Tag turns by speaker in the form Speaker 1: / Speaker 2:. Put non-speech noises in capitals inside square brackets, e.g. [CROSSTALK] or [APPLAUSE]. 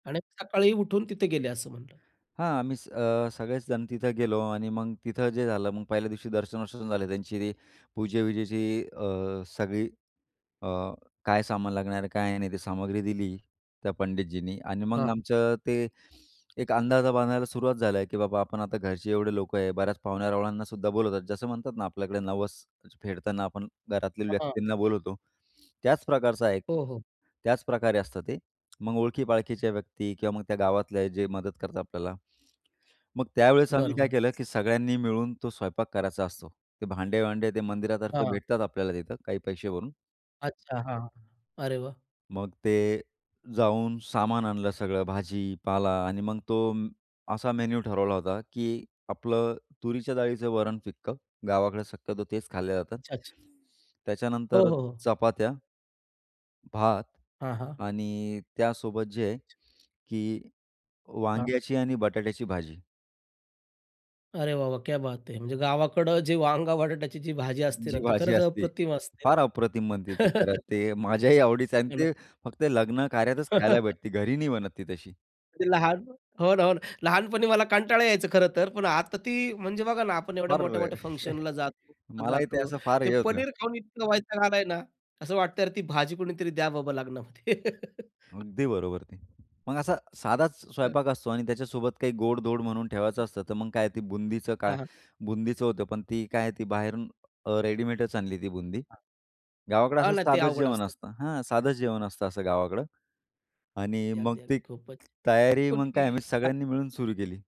Speaker 1: आणि सकाळी उठून तिथे गेले असं म्हणलं.
Speaker 2: हां, आम्हीच अ, सगळेच जण तिथं गेलो आणि मग तिथं जे झालं, मग पहिल्या दिवशी दर्शन-वर्शन झाले त्यांची, ते पूजे-विजेची अ, सगळी अ, काय सामान लागणार आहे, काय नाही? ते सामग्री दिली. त्या पंडितजींनी आणि मग
Speaker 1: हां.
Speaker 2: आमचं ते एक अंदाज बांधायला सुरुवात झालं आहे, की बाबा आपण आता घरचे एवढे लोकं आहे, बऱ्याच पाहुण्यारावळ्यांना बोलवतात, जसं म्हणतात ना, आपल्याकडे नवस फेडताना आपण घरातल्या
Speaker 1: हां.
Speaker 2: व्यक्तींना बोलवतो, त्याच प्रकारचा हा एक
Speaker 1: हो, हो.
Speaker 2: त्याच प्रकारे असतं ते, मग ओळखी-पाळखीच्या व्यक्ती किंवा मग त्या गावातले जे मदत करतात आपल्याला, मग त्यावेळेस आम्ही काय
Speaker 1: बरोबर.
Speaker 2: केलं, की सगळ्यांनी मिळून तो स्वयंपाक करायचा असतो. ते भांडे-वांडे ते मंदिरातर्फे
Speaker 1: हां.
Speaker 2: भेटतात आपल्याला तिथं काही पैसे भरून
Speaker 1: अच्छा, हां. अरे वाह!
Speaker 2: मग ते जाऊन सामान आणलं सगळं भाजी, पाला आणि मग तो असा मेन्यू ठरवला होता, की आपलं तुरीच्या डाळीचं वरण फिकं, गावाकडे शक्यतो तेच खाल्ल्या जातं,
Speaker 1: अच्छा-अच्छा. हो,
Speaker 2: त्याच्यानंतर
Speaker 1: हो, हो.
Speaker 2: चपात्या भात
Speaker 1: हां, हां.
Speaker 2: आणि त्यासोबत जे आहे की
Speaker 1: हां.
Speaker 2: वांग्याची आणि बटाट्याची भाजी.
Speaker 1: अरे वाह, वाह! क्या बात है म्हणजे गावाकडं जे वांग-बटाट्याची जी भाजी असते ना,
Speaker 2: जी
Speaker 1: ती
Speaker 2: भाजी
Speaker 1: खरंच
Speaker 2: असते,
Speaker 1: अप्रतिम असते.
Speaker 2: फार अप्रतिम बनते ती खरं
Speaker 1: [LAUGHS]
Speaker 2: ते माझ्याही आवडीचं आहे आणि
Speaker 1: हे ना?
Speaker 2: ते फक्त लग्न कार्यातच खायला
Speaker 1: [LAUGHS]
Speaker 2: भेटते, घरी नाही बनत ती तशी.
Speaker 1: ते लहान हो ना, हो ना, लहानपणी मला कंटाळा यायचं खरं तर पण आता ती म्हणजे बघा ना, आपण एवढ्या
Speaker 2: फार अ,
Speaker 1: मोठ्या-मोठ्या
Speaker 2: [CHUCKLES]
Speaker 1: फंक्शनला जातो
Speaker 2: मलाही ते
Speaker 1: जातो
Speaker 2: असं फार
Speaker 1: ते
Speaker 2: हे होतं.
Speaker 1: पनीर खाऊन इतका वैताग आलाय ना, असं वाटतंय, "अरे ती भाजी कोणीतरी द्या बाबा लग्नामध्ये" [LAUGHS]
Speaker 2: अगदी बरोबर ती. मग असा साधाच स्वयंपाक असतो आणि त्याच्यासोबत काही गोड-धोड म्हणून ठेवायचं असतं, तर मग काय ती बुंदीचं
Speaker 1: हां,
Speaker 2: काय
Speaker 1: हां.
Speaker 2: बुंदीचं होतं, पण ती काय आहे, ती बाहेरून अ, रेडीमेडच आणली ती बुंदी. गावाकडे
Speaker 1: हा
Speaker 2: असं
Speaker 1: ना, ते
Speaker 2: साधंच
Speaker 1: अवघड
Speaker 2: जेवण
Speaker 1: असतं.
Speaker 2: असतं हां, साधंच जेवण असतं असं गावाकडं आणि
Speaker 1: ते
Speaker 2: मग
Speaker 1: अगदी,
Speaker 2: ती
Speaker 1: अगदी,
Speaker 2: तयारी, मग काय, आम्ही
Speaker 1: खूपच. [UNINTELLIGIBLE]
Speaker 2: सगळ्यांनी मिळून सुरू केली.